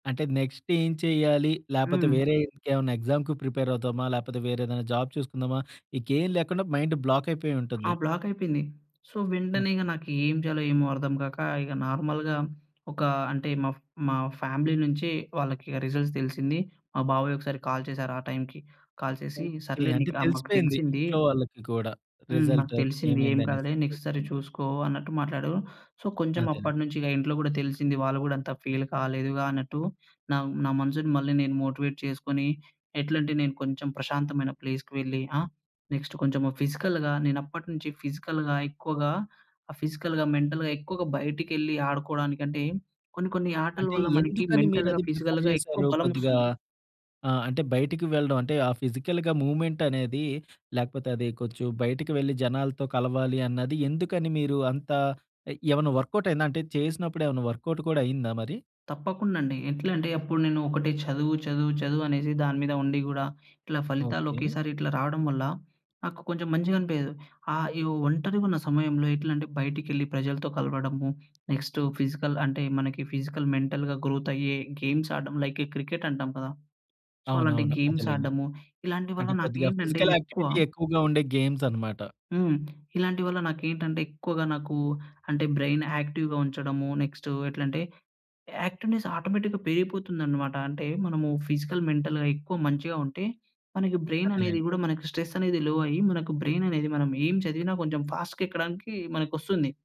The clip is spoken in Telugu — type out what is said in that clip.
అంటే నెక్స్ట్ ఏం చేయ్యాలి? లేపోతే హ్మ్. వేరే ఇంకేమన్నా ఎగ్జామ్‌కి ప్రిపేర్ అవుదామా? లేపోతే వేరే ఏదన్నా జాబ్ చూసుకుందామా? ఇంకేం లేకుండా మైండ్ బ్లాక్ ఆ! అయిపోయుంటుంది. బ్లాక‌యిపోయింది. సో, వెంటనే ఇగ ఓకే. నాకేం చేయాలో ఏమో అర్థం కాక, ఇగ నార్మల్‌గా ఒకా అంటే మా ఫ్ మా ఫ్యామిలీ నుంచి వాళ్ళకిగ రిజల్ట్స్ తెలిసింది. మా బాబాయ్ ఒకసారి కాల్ చేసారు ఆ టైమ్‌కి. కాల్ చేసి ఓకే. సర్లేండి అంటే ఇట్లా మాకు తెలిసిపోయింది తెలిసింది. ఇంట్లో వాళ్ళకి కూడా, హ్మ్. రిజల్ట్ నాకు తెలిసింది. ఏం ఏమైందనేసి. కాదులే నెక్స్ట్ ఓకే. సారి చూసుకో అన్నట్టు మాట్లాడు. సో, కొంచెం అదే. అప్పట్నుంచి ఇగ ఇంట్లో కూడా తెలిసింది. వాళ్ళు గూడా అంత ఫీల్ కాలేదుగా అన్నట్టు, నా నా మనసుని మళ్ళీ నేను మోటివేట్ చేసుకొని, ఎట్లంటే నేను కొంచెం ప్రశాంతమైన ప్లేస్‌కి వెళ్ళి. ఆ? నెక్స్ట్ కొంచెం ఫిజికల్‌గా నేనప్పటి నుంచి ఫిజికల్‌గా ఎక్కువగా ఫిజికల్‌గా, మెంటల్‌గా ఎక్కువగా బయటకెళ్ళి ఆడుకోవడానికంటే, కొన్ని కొన్ని ఆటల అంటే, వల్ల మనకి ఎందుకని మీరు మెంటల్‌గా, అది ప్రిఫర్ ఫిజికల్‌గా ఎక్కువ చేసారు? కొద్దిగా బలమోస్తుంది. ఆ! అంటే బయటకి వెళ్ళడం అంటే, ఆ ఫిజికల్‌గా మూవ్‌మెంట్ అనేది లేకపోతే, అది కొంచెం బయటికి వెళ్ళి జనాలతో కలవాలి అన్నది. ఎందుకని మీరు అంత ఎ ఏమన్నా వర్క్‌అవుట్ అయిందా? అంటే చేసినప్పుడు ఏమన్నా వర్క్‌అవుట్ కూడా అయిందా మరి? తప్పకుండ అండి. ఎట్లా అంటే, అప్పుడు నేను ఒకటే చదువు, చదువు, చదువు అనేసి దానిమీద ఉండి గూడా, ఇట్లా ఫలితాలు ఓకే. ఒకేసారి ఇట్లా రావడం వల్ల నాకు కొంచెం మంచిగా అనిపియదు. ఆహ్, ఇగ ఒంటరిగున్న సమయంలో ఎట్లంటే, బయటికెళ్ళి ప్రజలతో కలవడము. నెక్స్టు ఫిజికల్ అంటే, మనకి ఫిజికల్, మెంటల్‌గా గ్రోతయ్యే గేమ్స్ ఆడ్డం. లైక్ ఈ క్రికెట్ అంటాం కదా! సో, అలాంటి అవునవును. గేమ్స్ అదేలెండి. ఆడ్డము. ఇలాంటి వల్ల అంటే కొద్దిగా నాకేంటంటే ఫిజికల్ ఎక్కువ యాక్టివిటీ ఎక్కువగా ఉండే గేమ్స్ అనమాట. హ్మ్. ఇలాంటి వల్ల నాకేంటంటే, ఎక్కువగా నాకు అంటే బ్రైన్ యాక్టివ్‌గా ఉంచడము. నెక్స్ట్ ఎట్లంటే, యాక్టివ్‌నెస్ ఆటోమేటిక్‌గా పెరిగిపోతుందనమాట. అంటే మనము ఫిజికల్, మెంటల్‌గా ఎక్కువ మంచిగా ఉంటే, మనకి బ్రైన్ అనేది అదేలెండి. కూడా మనకి స్ట్రెస్ అనేది లో అయ్యి, మనకు బ్రైన్ అనేది మనం ఏం చదివిన కొంచెం ఫాస్ట్‌గా ఎక్కడానికి మనకొస్తుంది.